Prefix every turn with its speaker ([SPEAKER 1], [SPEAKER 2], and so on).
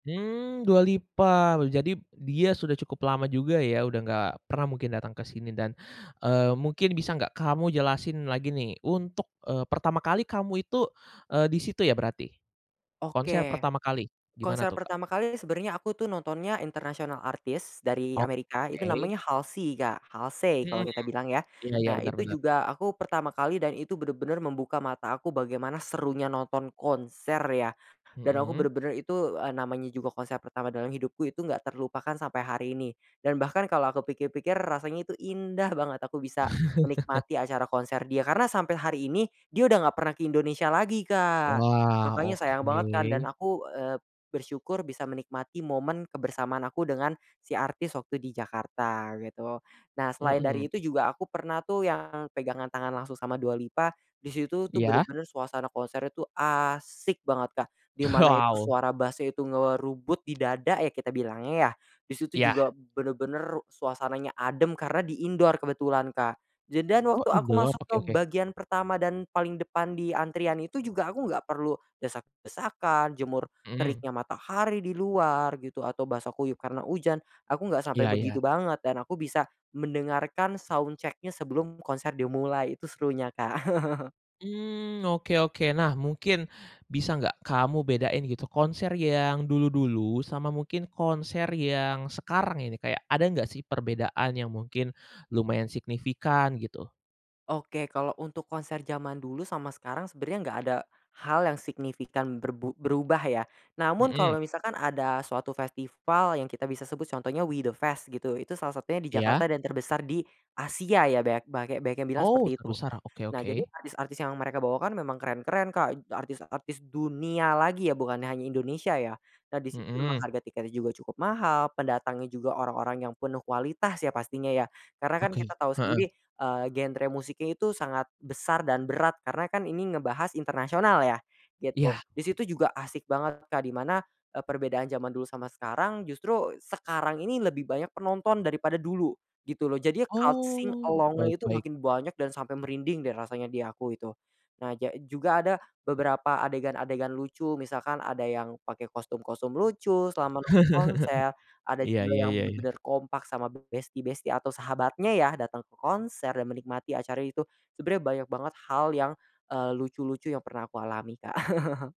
[SPEAKER 1] Mmm, Dua Lipa, jadi dia sudah cukup lama juga ya udah nggak pernah mungkin datang ke sini dan, eee, mungkin bisa nggak kamu jelasin lagi nih untuk, eee, pertama kali kamu itu, eee, di situ ya berarti? Konser
[SPEAKER 2] Oke,
[SPEAKER 1] pertama kali
[SPEAKER 2] konser
[SPEAKER 1] gimana tuh, Kak?
[SPEAKER 2] pertama kali sebenarnya aku tuh nontonnya international artist dari
[SPEAKER 1] Oh,
[SPEAKER 2] Amerika itu
[SPEAKER 1] oke.
[SPEAKER 2] namanya Halsi, Kak, Halsey
[SPEAKER 1] Mhm
[SPEAKER 2] kalau
[SPEAKER 1] mhm,
[SPEAKER 2] kita bilang ya.
[SPEAKER 1] iya iya,
[SPEAKER 2] Nah
[SPEAKER 1] bener
[SPEAKER 2] itu
[SPEAKER 1] bener.
[SPEAKER 2] juga aku pertama kali dan itu bener-bener membuka mata aku bagaimana serunya nonton konser ya, dan aku
[SPEAKER 1] Mmm.
[SPEAKER 2] bener-bener itu, eee, namanya juga konser pertama dalam hidupku itu enggak terlupakan sampai hari ini, dan bahkan kalau aku pikir-pikir rasanya itu indah banget aku bisa menikmati acara konser dia. Karena sampai hari ini dia udah enggak pernah ke Indonesia lagi, Kak,
[SPEAKER 1] Wah,
[SPEAKER 2] makanya sayang banget kan dan
[SPEAKER 1] oke.
[SPEAKER 2] aku, eee, bersyukur bisa menikmati momen kebersamaan aku dengan si artis waktu di Jakarta gitu. Nah selain
[SPEAKER 1] Mhm.
[SPEAKER 2] dari itu juga aku pernah tuh yang pegangan tangan langsung sama Dua Lipa, di situ tuh
[SPEAKER 1] Iya.
[SPEAKER 2] bener-bener suasana konser itu asik banget Kak, di mana itu
[SPEAKER 1] Wow.
[SPEAKER 2] suara bass-nya itu ngerubut di dada ya kita bilangnya ya. Di situ
[SPEAKER 1] Iya.
[SPEAKER 2] juga bener-bener suasananya adem karena di indoor kebetulan, Kak, je dan
[SPEAKER 1] Oh,
[SPEAKER 2] waktu aku
[SPEAKER 1] endon?
[SPEAKER 2] masuk
[SPEAKER 1] Oke
[SPEAKER 2] ke
[SPEAKER 1] oke.
[SPEAKER 2] bagian pertama dan paling depan di antrian itu juga aku gak perlu desak-desakan, jemur
[SPEAKER 1] Mhm.
[SPEAKER 2] teriknya matahari di luar gitu, atau basah kuyup karena hujan aku nggak
[SPEAKER 1] Iya
[SPEAKER 2] sampai
[SPEAKER 1] iya.
[SPEAKER 2] begitu banget dan aku bisa mendengarkan soundcheck-nya sebelum konser dimulai itu serunya, Kak.
[SPEAKER 1] Mmm, oke oke. Nah mungkin bisa nggak kamu bedain gitu konser yang dulu-dulu sama mungkin konser yang sekarang ini, kayak ada nggak sih perbedaan yang mungkin lumayan signifikan gitu?
[SPEAKER 2] Oke, kalau untuk konser zaman dulu sama sekarang sebenarnya enggak ada hal yang signifikan berbu berubah ya, namun
[SPEAKER 1] Mhm.
[SPEAKER 2] kalau misalkan ada suatu festival yang kita bisa sebut contohnya We The Fest gitu, itu salah satunya di
[SPEAKER 1] Iya.
[SPEAKER 2] Jakarta dan terbesar di Asia ya banyak bange banyak yang bilang
[SPEAKER 1] Oh
[SPEAKER 2] seperti itu.
[SPEAKER 1] terbesar, oke
[SPEAKER 2] Nah jadi
[SPEAKER 1] oke.
[SPEAKER 2] artis-artis yang mereka bawa kan memang keren-keren, Kak, artis-artis dunia lagi ya bukan hanya Indonesia ya. Nah di situ memang
[SPEAKER 1] Mhm.
[SPEAKER 2] harga tiketnya juga cukup mahal, pendatangnya juga orang-orang yang penuh kualitas ya pastinya ya, karena kan
[SPEAKER 1] Oke,
[SPEAKER 2] kita tahu
[SPEAKER 1] heeh.
[SPEAKER 2] sendiri, eee, genre musiknya itu sangat besar dan berat karena kan ini ngebahas internasional ya, gitu.
[SPEAKER 1] Iya.
[SPEAKER 2] Di situ juga asik banget, Kak, di mana, eee, perbedaan zaman dulu sama sekarang, justru sekarang ini lebih banyak penonton daripada dulu, gitu loh jadi loud sing
[SPEAKER 1] Oh, baik
[SPEAKER 2] along-nya itu
[SPEAKER 1] baik.
[SPEAKER 2] makin banyak dan sampai merinding deh rasanya di aku itu. Nah ja juga ada beberapa adegan-adegan lucu misalkan ada yang pake kostum-kostum lucu selama nonton konser, ada
[SPEAKER 1] Iya
[SPEAKER 2] juga
[SPEAKER 1] iya
[SPEAKER 2] yang
[SPEAKER 1] iyai.
[SPEAKER 2] bener-bener kompak sama besti-besti atau sahabatnya ya datang ke konser, dan menikmati acara itu sebenarnya banyak banget hal yang, eee, lucu-lucu yang pernah aku alami, Kak.